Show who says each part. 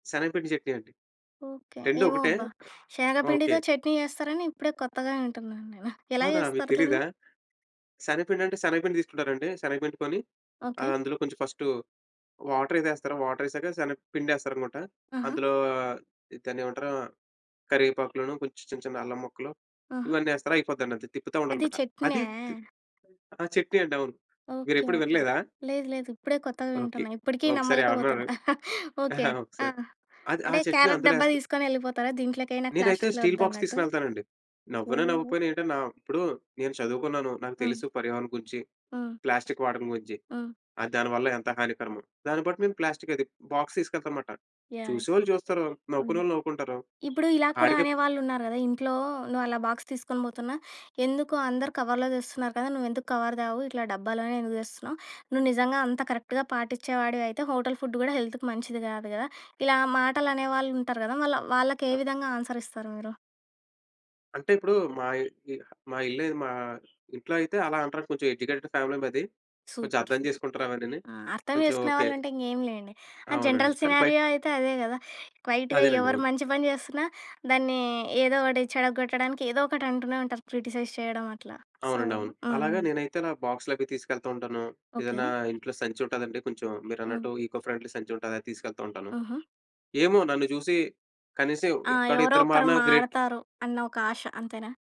Speaker 1: శనగపిండి చెట్నీ అండి.
Speaker 2: ఓకె.
Speaker 1: రెండు
Speaker 2: ఏమో
Speaker 1: ఒకటే.
Speaker 2: అబ్బా!
Speaker 1: ఓకే.
Speaker 2: శగపిండితో చట్నీ జేస్తారని, ఇప్పుడే కొత్తగా వింటున్నాను నేను. ఎలా
Speaker 1: అవునా మీకు
Speaker 2: జేస్తారు
Speaker 1: తెలీదా?
Speaker 2: దాన్ని?
Speaker 1: శనగపిండంటే, శనగపిండి తీసుకుంటారండీ, శనగపిండి కొని,
Speaker 2: ఓకే.
Speaker 1: ఆందులో కొంచెం ‌ఫస్టు వాటరేదో యేస్తరు, వాటరేసాక శనగపిండేస్తారనుకుంట.
Speaker 2: ఆహా!
Speaker 1: అందులో ఆహ్, ఈ దాన్నేమంటరు కరేపాకులను కొంచెం చిన్న చిన్న అల్లం ముక్కలు,
Speaker 2: ఆహా!
Speaker 1: ఇవన్నేస్తరు అయిపోద్దండి. తిప్పుతా
Speaker 2: అది
Speaker 1: ఉండాలనమాట ది.
Speaker 2: చెట్న్యా?
Speaker 1: తి ఆ! చెట్నీ అండవును.
Speaker 2: ఓకె.
Speaker 1: మీరెప్పుడు
Speaker 2: ఓకె.
Speaker 1: వినలేదా?
Speaker 2: లేదు, లేదు. ఇప్పుడే కొత్తగా
Speaker 1: ఓకే.
Speaker 2: వింటున్నా. ఇప్పడికీ
Speaker 1: ఒకసారి
Speaker 2: నమ్మలేక
Speaker 1: ఎవరన్నా
Speaker 2: పోతున్నా. ఓకే.
Speaker 1: ఒకసారి,
Speaker 2: ఆహ్,
Speaker 1: అది ఆ
Speaker 2: అంటే
Speaker 1: చెట్ని
Speaker 2: క్యారెట్
Speaker 1: అందులో
Speaker 2: డబ్బా
Speaker 1: ఎస్త
Speaker 2: దీసుకొనెళ్ళిపోతారా? దీంట్లోకైనా
Speaker 1: నేనైతే
Speaker 2: ప్లాస్టిక్‌లో
Speaker 1: స్టీల్ బాక్స్
Speaker 2: వద్దన్నట్టు?
Speaker 1: తీసుకొనెళ్తానండి. నవ్వినా,
Speaker 2: ఓహో!
Speaker 1: నవ్వకపోయిన ఏంటని నా ఇప్పుడు నేను చదువుకున్నాను, నాకు
Speaker 2: హ్మ్.
Speaker 1: తెలుసు, పర్యావరణం గురించి.
Speaker 2: ఆ!
Speaker 1: ప్లాస్టిక్ వాడకం గురించి.
Speaker 2: ఆ!
Speaker 1: ఆ దానివల్ల ఎంత హానికరమో. దాన్ని బట్టి మేము ప్లాస్టిక్ అది బాక్స్ తీసుకెళ్తానమాట.
Speaker 2: యాహ్!
Speaker 1: చూసేవాళ్ళు చూస్తారు, నవ్వుకునే
Speaker 2: హ్మ్.
Speaker 1: వాళ్ళు నవ్వుకుంటారు.
Speaker 2: ఇప్పుడూ ఇలా కూడా
Speaker 1: ఆడికే
Speaker 2: అనేవాళ్ళున్నారు గదా! ఇంట్లో నువ్వలా బాక్స్ తీసుకొని బోతున్నా, "ఎందుకు, అందరూ కవర్‌లో దెస్తున్నారు కదా! నువ్వెందుకు కవర్ దేవు? ఇట్లా డబ్బాలోనే ఎందుకు తెస్తున్నావు? నువ్వు నిజంగా అంత కరెక్ట్‌గా పాటిచ్చే వాడివయితే, హోటల్ ఫుడ్ గూడా హెల్త్‌కు మంచిది గాదు గదా!" ఇలా మాటలనేవాళ్ళుంటరు గదా! మళ్ళ
Speaker 1: ఆ!
Speaker 2: వాళ్ళకేవిధంగా ఆన్సరిస్తారు మీరు.
Speaker 1: అంటే ఇప్పుడూ, మా ఇ ఇ ఆహ్, మా ఇల్లది మా ఇంట్లో అయితే, అలా అంటారు కొంచెం ఎడ్యుకేటెడ్ ఫ్యామిలీ మాది. కొంచెం
Speaker 2: సూపర్.
Speaker 1: అర్థం
Speaker 2: సూపర్.
Speaker 1: చేసుకుంటారవన్నీని.
Speaker 2: ఆ! అర్థం
Speaker 1: కొంచెం
Speaker 2: చేసుకునే
Speaker 1: ఓకె.
Speaker 2: వాళ్ళుంటే, ఇంగేమి లేండి. ఆహ్,
Speaker 1: అవునండి.
Speaker 2: జనరల్
Speaker 1: కానీ బైట్
Speaker 2: సినారియో అయితే అదే గదా! క్వైట్‌గా ఎవ్వరు
Speaker 1: అదేనండవును.
Speaker 2: మంచి పని జేస్తున్నా, దాన్నీ, ఏదో ఒకటి చెడగొట్టడానికి, ఏదో ఒకటంటూనే ఉంటారు. క్రిటిసైజ్ చేయడం అట్లా. సో
Speaker 1: అవునండవును.
Speaker 2: ఆ!
Speaker 1: అలాగ నేనైతే ఇలా బాక్సులవి తీసుకెళ్తా ఉంటాను. ఏదన్నా
Speaker 2: ఓకే.
Speaker 1: ఇంట్లో సంచుంటాదండి, కొంచెం మీరన్నట్టు
Speaker 2: హ్మ్.
Speaker 1: ఈకో ఫ్రెండ్లీ సంచుంటదది తీసుకెళ్తా ఉంటాను.
Speaker 2: హుహు.
Speaker 1: ఏమో నన్ను చూసి, కనీసం
Speaker 2: ఆ! ఎవరో
Speaker 1: యొక్కడిద్దరు
Speaker 2: ఒక్కరు
Speaker 1: మారినా గ్రేట్.
Speaker 2: మారతారు, అన్న ఒక ఆశ. అంతేనా?